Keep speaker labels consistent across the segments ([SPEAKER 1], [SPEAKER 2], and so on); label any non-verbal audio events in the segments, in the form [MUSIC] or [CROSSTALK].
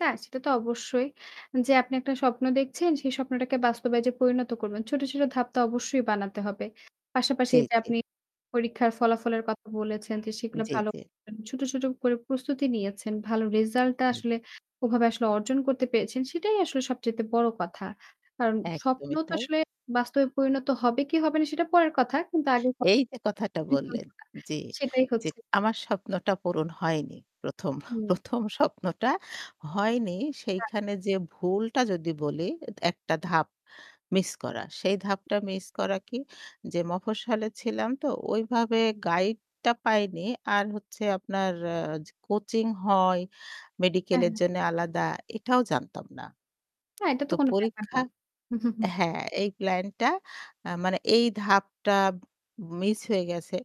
[SPEAKER 1] হ্যাঁ, সেটা তো অবশ্যই। যে আপনি একটা স্বপ্ন দেখছেন সে স্বপ্নটাকে বাস্তবে যে পরিণত করবেন। ছোট, ছোট ধাপটা অবশ্যই বানাতে হবে। পাশাপাশি
[SPEAKER 2] জি,
[SPEAKER 1] এই যে
[SPEAKER 2] জি।
[SPEAKER 1] আপনি পরীক্ষার ফলাফলের কথা বলেছেন যে সেগুলো
[SPEAKER 2] জি,
[SPEAKER 1] ভালো
[SPEAKER 2] জি।
[SPEAKER 1] করেছেন, ছোট, ছোট করে প্রস্তুতি নিয়েছেন। ভালো রেজাল্ট টা
[SPEAKER 2] হুম।
[SPEAKER 1] আসলে ওভাবে আসলে অর্জন করতে পেরেছেন সেটাই আসলে সবচাইতে বড় কথা। কারণ স্বপ্ন
[SPEAKER 2] একদমই
[SPEAKER 1] তো
[SPEAKER 2] তাই।
[SPEAKER 1] আসলে বাস্তবে পরিণত হবে কি হবে না সেটা পরের কথা। কিন্তু আগের কথা
[SPEAKER 2] এই যে কথাটা
[SPEAKER 1] [UNINTELLIGIBLE]
[SPEAKER 2] বললেন, জি।
[SPEAKER 1] সেটাই
[SPEAKER 2] যে
[SPEAKER 1] হচ্ছে।
[SPEAKER 2] আমার স্বপ্নটা পূরণ হয়নি। ১ম,
[SPEAKER 1] হুম।
[SPEAKER 2] ১ম স্বপ্নটা হয়নি। সেইখানে
[SPEAKER 1] আচ্ছা।
[SPEAKER 2] যে ভুলটা যদি, বলি একটা ধাপ মিস করা। সেই ধাপটা মিস করা কি? যে মফস্বলে ছিলাম তো ওইভাবে গাইড টা পাইনি। আর হচ্ছে আপনার আ কোচিং হয় মেডিকেল
[SPEAKER 1] হ্যাঁ,
[SPEAKER 2] এর
[SPEAKER 1] হ্যাঁ।
[SPEAKER 2] জন্য আলাদা এটাও জানতাম না।
[SPEAKER 1] না এটা তো
[SPEAKER 2] তো
[SPEAKER 1] কোনো ব্যাপার
[SPEAKER 2] পরীক্ষা
[SPEAKER 1] না। [CHUCKLES]
[SPEAKER 2] হ্যাঁ, এই প্লান টা আ মানে এই ধাপটা মিস হয়ে গেছে।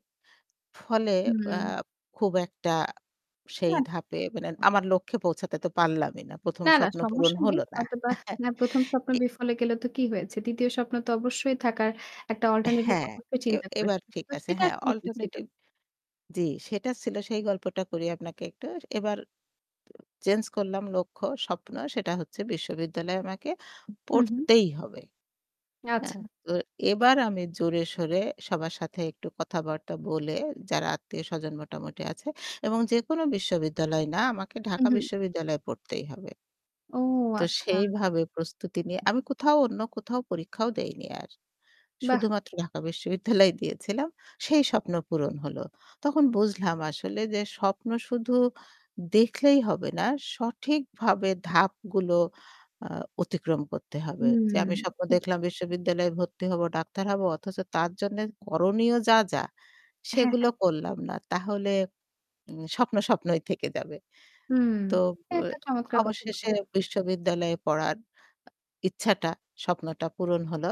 [SPEAKER 2] ফলে আ
[SPEAKER 1] হুম।
[SPEAKER 2] খুব একটা সেই
[SPEAKER 1] হ্যাঁ।
[SPEAKER 2] ধাপে মানে আমার লক্ষ্যে পৌঁছাতে তো পারলামই না। ১ম
[SPEAKER 1] না, না
[SPEAKER 2] স্বপ্ন পূরণ
[SPEAKER 1] সমস্যা
[SPEAKER 2] হল
[SPEAKER 1] নেই।
[SPEAKER 2] না।
[SPEAKER 1] হয়তোবা
[SPEAKER 2] [CHUCKLES]
[SPEAKER 1] ১ম স্বপ্ন
[SPEAKER 2] এ
[SPEAKER 1] বিফলে গেলে তো কি হয়েছে। ২য় স্বপ্ন তো অবশ্যই থাকার একটা অল্টারনেটিভ
[SPEAKER 2] হ্যাঁ,
[SPEAKER 1] অবশ্যই
[SPEAKER 2] এ
[SPEAKER 1] চিন্তা
[SPEAKER 2] এবার
[SPEAKER 1] করেছি।
[SPEAKER 2] ঠিক
[SPEAKER 1] তো
[SPEAKER 2] আছে।
[SPEAKER 1] সেটা
[SPEAKER 2] হ্যাঁ
[SPEAKER 1] আসলে কি ছিল?
[SPEAKER 2] অল্টারনেটিভ জি সেটা ছিল সেই গল্পটা করি আপনাকে। একটু এবার চেঞ্জ করলাম লক্ষ্য স্বপ্ন সেটা হচ্ছে বিশ্ববিদ্যালয়ে আমাকে
[SPEAKER 1] হু, হু।
[SPEAKER 2] পড়তেই হবে।
[SPEAKER 1] আচ্ছা।
[SPEAKER 2] হ্যাঁ? তো এবার আমি জোরে সোরে সবার সাথে একটু কথাবার্তা বলে, যারা আত্মীয় স্বজন মোটামুটি আছে এবং যেকোনো বিশ্ববিদ্যালয় না আমাকে
[SPEAKER 1] হু,
[SPEAKER 2] ঢাকা
[SPEAKER 1] হু।
[SPEAKER 2] বিশ্ববিদ্যালয়ে পড়তেই হবে।
[SPEAKER 1] ও
[SPEAKER 2] তো
[SPEAKER 1] আচ্ছা।
[SPEAKER 2] সেইভাবে প্রস্তুতি নিয়ে আমি কোথাও অন্য কোথাও পরীক্ষাও দেইনি আর
[SPEAKER 1] বাহ!
[SPEAKER 2] শুধুমাত্র ঢাকা বিশ্ববিদ্যালয় দিয়েছিলাম সেই স্বপ্ন পূরণ হল। তখন বুঝলাম আসলে যে স্বপ্ন শুধু দেখলেই হবে না সঠিকভাবে ধাপগুলো আ অতিক্রম করতে হবে। যে আমি
[SPEAKER 1] হুম।
[SPEAKER 2] স্বপ্ন দেখলাম বিশ্ববিদ্যালয়ে ভর্তি হবো ডাক্তার হব অথচ তার জন্যে করণীয় যা, যা
[SPEAKER 1] হ্যাঁ, হ্যাঁ।
[SPEAKER 2] সেগুলো করলাম না। তাহলে উম স্বপ্ন স্বপ্নই থেকে যাবে।
[SPEAKER 1] হুম,
[SPEAKER 2] তো অ
[SPEAKER 1] একটা চমৎকার কথা।
[SPEAKER 2] অবশেষে বিশ্ববিদ্যালয়ে পড়ার ইচ্ছাটা স্বপ্নটা পূরণ হল।